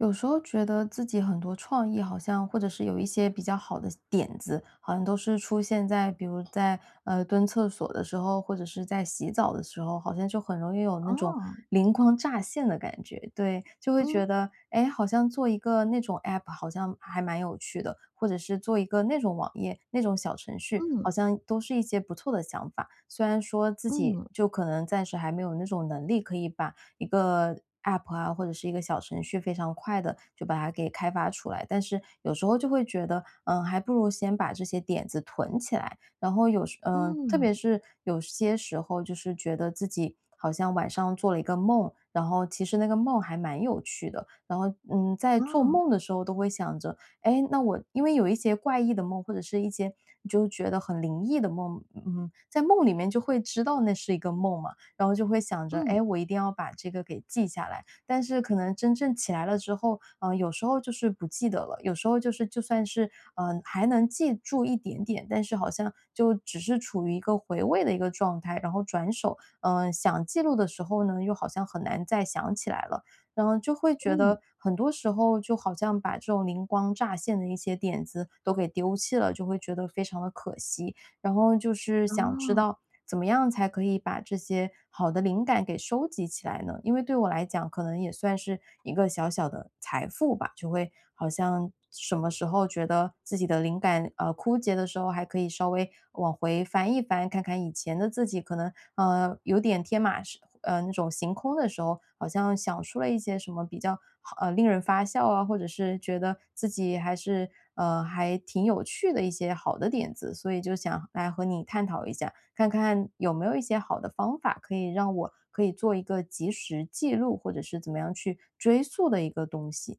有时候觉得自己很多创意好像或者是有一些比较好的点子，好像都是出现在比如在，呃，蹲厕所的时候，或者是在洗澡的时候，好像就很容易有那种哦。灵光乍现的感觉，对，就会嗯。觉得，诶，好像做一个那种 APP 好像还蛮有趣的，或者是做一个那种网页，那种小程序，嗯。好像都是一些不错的想法。虽然说，自己嗯。就可能暂时还没有那种能力可以把一个 APP 啊，或者是一个小程序非常快地就把它给开发出来，但是有时候就会觉得，嗯，还不如先把这些点子囤起来，然后有时呃，特嗯。别是有些时候就是觉得自己好像晚上做了一个梦，然后其实那个梦还蛮有趣的，然后，嗯，在做哦。梦的时候都会想着，哎，那我因为有一些怪异的梦，或者是一些你就觉得很灵异的梦，嗯，在梦里面就会知道那是一个梦嘛，然后就会想着，嗯。哎，我一定要把这个给记下来，但是可能真正起来了之后，呃，有时候就是不记得了，有时候就是就算是，呃，还能记住一点点，但是好像就只是处于一个回味的一个状态，然后转手，嗯，想记录的时候呢，又好像很难再想起来了。然后就会觉嗯。得很多时候就好像把这种灵光乍现的一些点子都给丢弃了，就会觉得非常地可惜，然后就是想知哦。道怎么样才可以把这些好的灵感给收集起来呢？因为对我来讲可能也算是一个小小的财富吧，就会好像什么时候觉得自己的灵感，呃，枯竭的时候还可以稍微往回翻一翻，看看以前的自己，可能，呃，有点天马式嗯，那种行空的时候，好像想出了一些什么比较好令人发笑啊，或者是觉得自己还是呃，还挺有趣的一些好的点子，所以就想来和你探讨一下，看看有没有一些好的方法可以让我可以做一个及时记录，或者是怎么样去追溯的一个东西。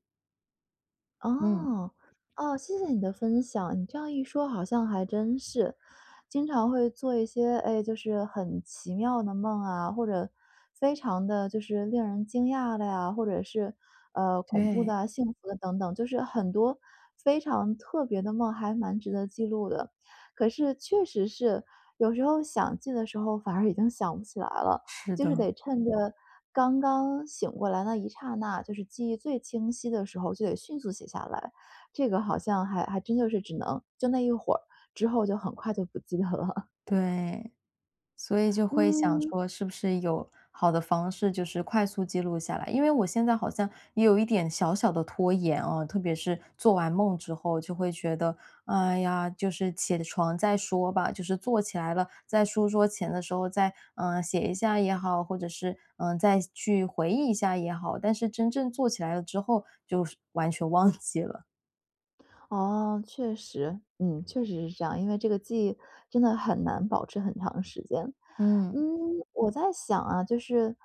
嗯。哦，哦，谢谢你的分享，你这样一说好像还真是，经常会做一些，诶，就是很奇妙的梦啊，或者非常地就是令人惊讶的啊，或者是，呃，恐怖的对。啊，幸福的等等，就是很多非常特别的梦，还蛮值得记录的。可是确实是，有时候想记的时候反而已经想不起来了，是就是的。得趁着刚刚醒过来那一刹那，就是记忆最清晰的时候就得迅速写下来，这个好像还还真就是只能就那一会儿之后就很快就不记得了。对，所以就会想嗯。说是不是有好的方式，就是快速记录下来。因为我现在好像也有一点小小地拖延哦，特别是做完梦之后就会觉得，哎呀，就是起床再说吧，就是坐起来了，在书桌前的时候再，嗯，写一下也好，或者是，嗯，再去回忆一下也好，但是真正坐起来了之后就是完全忘记了。哦，确实。嗯，确实是这样。因为这个记忆真的很难保持很长时间。嗯，嗯。我在想啊，就是，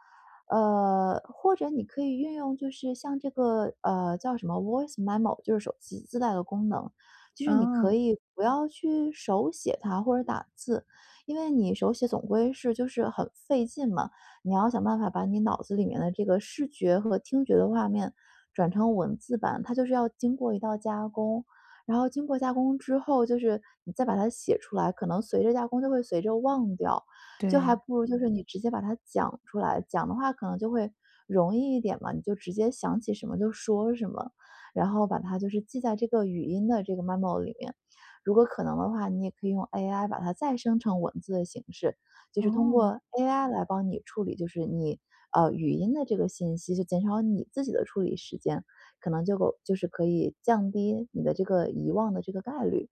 呃，或者你可以运用，就是像这个呃，叫什么，voice memo，就是手机自带的功能。就是你可哦。以不要去手写它或者打字，因为你手写总归是很费劲嘛，你要想办法把你脑子里面的这个视觉和听觉的画面转成文字版。它就是要经过一道加工，然后经过加工之后，就是你再把它写出来，可能随着加工，就会随着忘掉。就还对。不如就是你直接把它讲出来，讲的话可能就会容易一点嘛。你就直接想起什么就说什么。然后把它就是记在这个语音的这个 memo 里面。如果可能的话，你也可以用 AI 把它再生成文字的形式，就是通哦。过 AI 来帮你处理就是你，呃，语音的这个信息，就减少你自己的处理时间，可能就够就是可以降低你的这个遗忘的这个概率。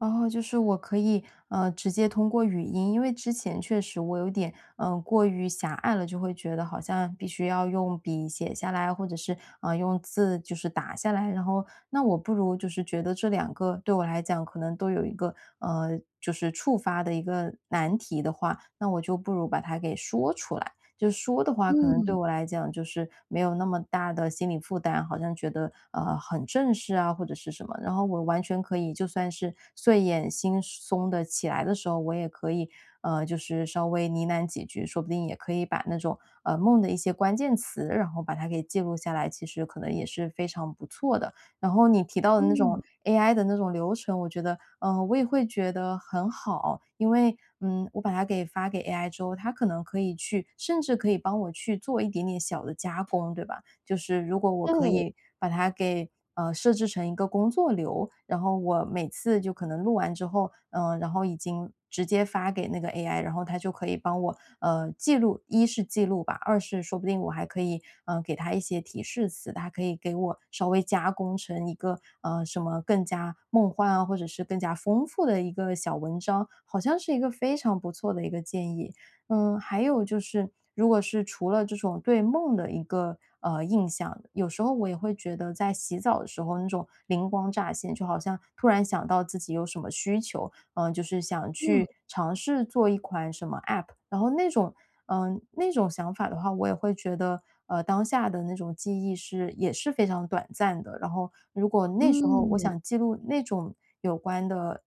哦，就是我可以，呃，直接通过语音。因为之前确实我有点，嗯，过于狭隘了，就会觉得好像必须要用笔写下来，或者是，呃，用字就是打下来，然后那我不如就是觉得这两个对我来讲可能都有一个，嗯，就是触发的一个难题的话，那我就不如把它给说出来。就说的话，可能对嗯。我来讲就是没有那么大的心理负担，好像觉得，嗯，很正式啊或者是什么。然后我完全可以，就算是睡眼惺忪地起来的时候，我也可以，嗯，就是稍微呢喃几句，说不定也可以把那种，呃，梦的一些关键词，然后把它给记录下来，其实可能也是非常不错的。然后你提到的那种嗯。，AI 的那种流程，我觉得呃，我也会觉得很好。因为，嗯，我把它给发给 AI 之后，它可能可以去甚至可以帮我去做一点点小的加工，对吧？就是如果我可对。以把它给，嗯，设置成一个工作流，然后我每次就可能录完之后，嗯，然后已经，直接发给那个 AI，然后它就可以帮我，嗯，记录一是记录吧，二是说不定我还可以，嗯，给它一些提示词，它可以给我稍微加工成一个，呃，什么更加梦幻啊，或者是更加丰富的一个小文章，好像是一个非常不错的一个建议。嗯，还有就是，如果是除了这种对梦的一个，嗯，印象，有时候我也会觉得在洗澡的时候，那种灵光乍现，就好像突然想到自己有什么需求，嗯，就是想去嗯。尝试做一款什么 App，然后那种嗯，那种想法的话，我也会觉得，嗯，当下的那种记忆是也是非常短暂的。然后如果那时候我嗯。想记录那种有关的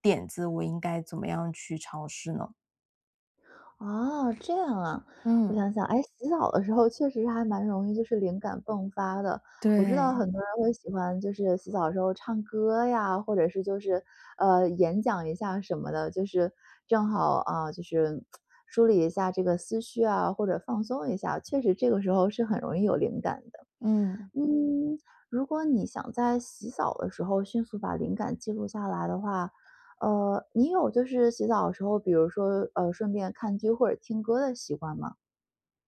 点子，我应该怎么样去尝试呢？哦，这样啊，我嗯。想想。诶，洗澡的时候确实是还蛮容易就是灵感迸发的。我知道对。很多人会喜欢就是洗澡的时候唱歌呀，或者是就是，呃，演讲一下什么的，就是正好，啊，就是 梳理一下这个思绪啊，或者放松一下，确实这个时候是很容易有灵感的。嗯。嗯，如果你想在洗澡的时候迅速把灵感记录下来的话，呃，你有就是洗澡的时候，比如说，呃，顺便看剧或者听歌的习惯吗？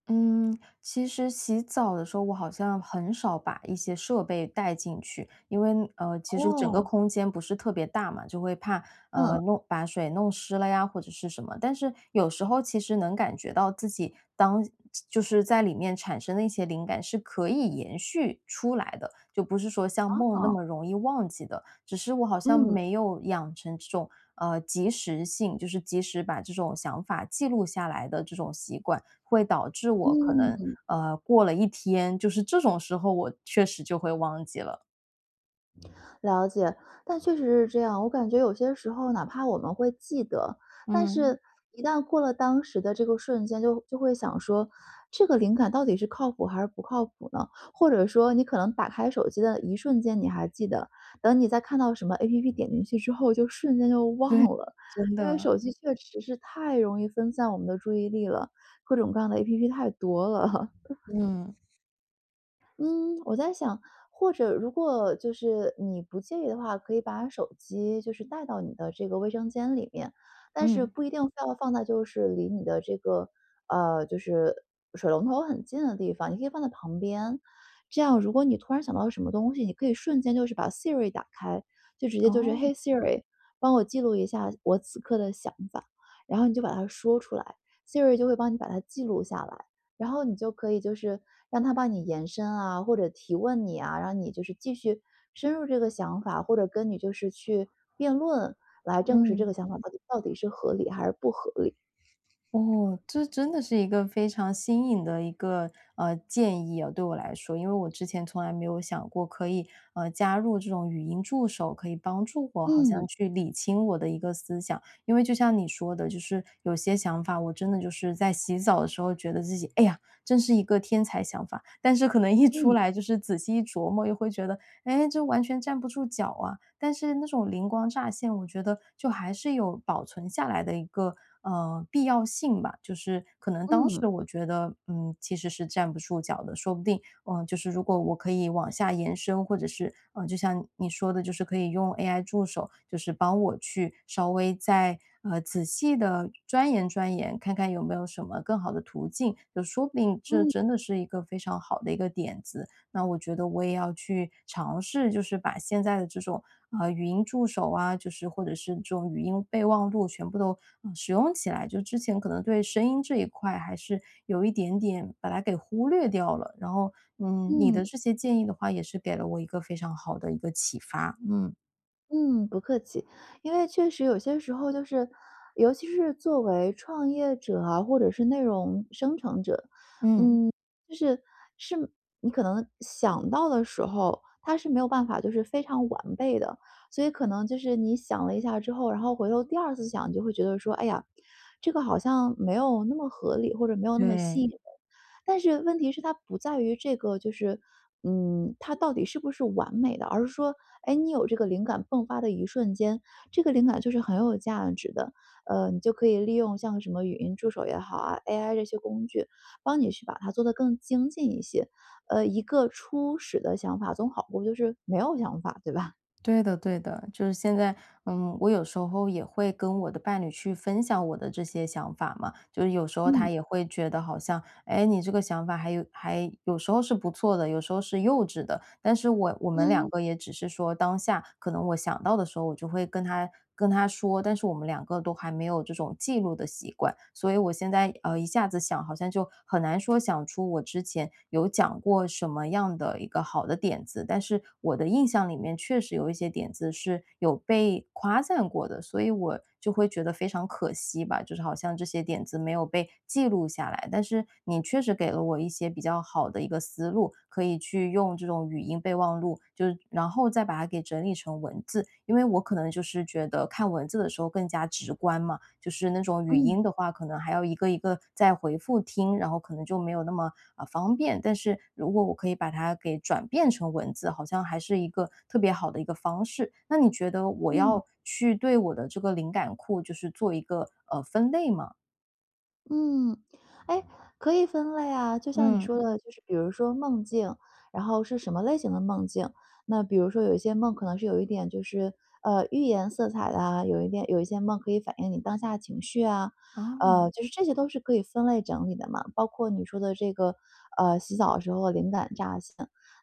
嗯，其实洗澡的时候，我好像很少把一些设备带进去，因为，呃，其实整个哦。空间不是特别大嘛，就会怕，呃，嗯。弄把水弄湿了呀，或者是什么。但是有时候其实能感觉到自己当就是在里面产生了一些灵感是可以延续出来的，就不是说像梦那啊。么容易忘记的，只是我好像嗯。没有养成这种，呃，及时性就是及时把这种想法记录下来的这种习惯。会导致我可能，嗯。呃，过了1天，就是这种时候，我确实就会忘记了。了解。但确实是这样，我感觉有些时候哪怕我们会记得，但嗯。是一旦过了当时的这个瞬间，就就会想说，这个灵感到底是靠谱还是不靠谱呢？或者说你可能打开手机的一瞬间，你还记得，等你再看到什么 APP 点进去之后就瞬间就忘对，了，真因为的。手机确实是太容易分散我们的注意力了，各种各样的 APP 太多了。嗯。嗯，我在想或者如果就是你不介意的话，可以把手机就是带到你的这个卫生间里面，但是嗯。不一定非要放在就是离你的这个，呃，就是水龙头很近的地方，你可以放在旁边。这样如果你突然想到什么东西，你可以瞬间就是把 Siri 打开，就直接就是：哦。“嘿，Siri 帮我记录一下我此刻的想法。”然后你就把它说出来，Siri 就会帮你把它记录下来，然后你就可以就是让它帮你延伸啊，或者提问你啊，让你就是继续深入这个想法，或者跟你就是去辩论，来证实这嗯。个想法到底是合理还是不合理？哦，这真的是一个非常新颖的一个，呃，建议哦，对我来说，因为我之前从来没有想过可以，呃，加入这种语音助手，可以帮助我好嗯。像去理清我的一个思想。因为就像你说的，就是有些想法我真的就是在洗澡的时候觉得自己，哎呀，真是一个天才想法，但是可能一出来就是仔细一琢磨又会觉得，诶，这完全站不住脚啊。但是那种灵光乍现，我觉得就还是有保存下来的一个，呃，必要性吧，就是可能当时嗯。我觉得，嗯，其实是站不住脚的，说不定，呃，就是如果我可以往下延伸，或者是，呃，就像你说的就是可以用 AI 助手，就是帮我去稍微再，呃，仔细地钻研钻研，看看有没有什么更好的途径？就说不定这真的是一个非常好的一个点子。那我觉得我也要去尝试就是把现在的这种，呃，语音助手啊，就是或者是这种语音备忘录全部都使用起来，就之前可能对声音这一块，还是有一点点把它给忽略掉了，然后，嗯，你的嗯。这些建议的话也是给了我一个非常好的一个启发。嗯。嗯，不客气。因为确实有些时候就是，尤其是作为创业者啊，或者是内容生成者，嗯，嗯。就是，是没你可能想到的时候，它是没有办法就是非常完备的。所以可能就是你想了一下之后，然后回头第2次想，就会觉得说：“哎呀，这个好像没有那么合理，或者没有那么吸引对。人”。但是问题是它不在于，这个就是嗯，它到底是不是完美的。而是说，诶，你有这个灵感爆发的一瞬间，这个灵感就是很有价值的。呃，你就可以利用像什么语音助手也好啊，AI 这些工具，帮你去把它做得更精进一些。嗯，一个初始的想法总好过，就是，没有想法，对吧？对的对的。就是现在嗯，我有时候也会跟我的伴侣去分享我的这些想法嘛。就有时候他嗯。也会觉得好像，诶，你这个想法还有还有时候是不错的，有时候是幼稚的。但是我我们两嗯。个也只是说，当下可能我想到的时候，我就会跟他跟他说，但是我们两个都还没有这种记录的习惯。所以我现在也嗯，一下子想，好像就很难说想出我之前，有讲过什么样的一个好的点子。但是，我的印象里面，确实有一些点子是，有被夸赞过的。所以我，就会觉得非常可惜吧，就是好像这些点子没有被记录下来。但是，你确实给了我一些比较好的一个思路，可以去用这种语音备忘录，就是然后再把它整理成文字。因为我可能就是觉得看文字的时候更加直观嘛，就是那种语嗯。音的话可能还要一个一个再回复听，然后可能就没有那么，呃，方便。但是，如果我可以把它转变成文字，好像还是一个特别好的一个方式。那你觉得我嗯。要去对我的这个灵感库，就是做一个，呃，分类吗？嗯。诶，可以分类啊。就像你说嗯。的，就是比如说梦境，然后是什么类型的梦境。那比如说有一些梦可能是有一点就是，呃，寓言色彩的啊，有一点有一些梦可以反映你当下的情绪啊。哦。呃，就是这些都是可以分类整理的嘛。包括你说的这个，呃，洗澡的时候灵感乍现，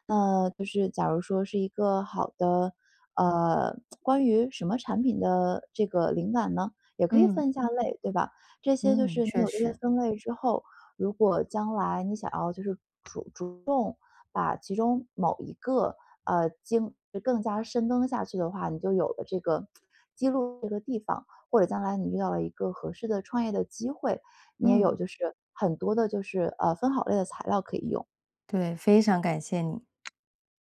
那，就是假如说是一个好的呃，关于什么产品的这个灵感呢。也可以嗯。分一下类，对吧？这些就嗯，是你确有一个实。分类之后，如果将来你想要就是主主动，把其中某一个，啊，精更加深根下去的话，你就有了这个 记录这个地方。或者将来你遇到了一个合适的创业的机会，你也有嗯。就是很多的就是啊，分好类的材料可以用。对，非常感谢你。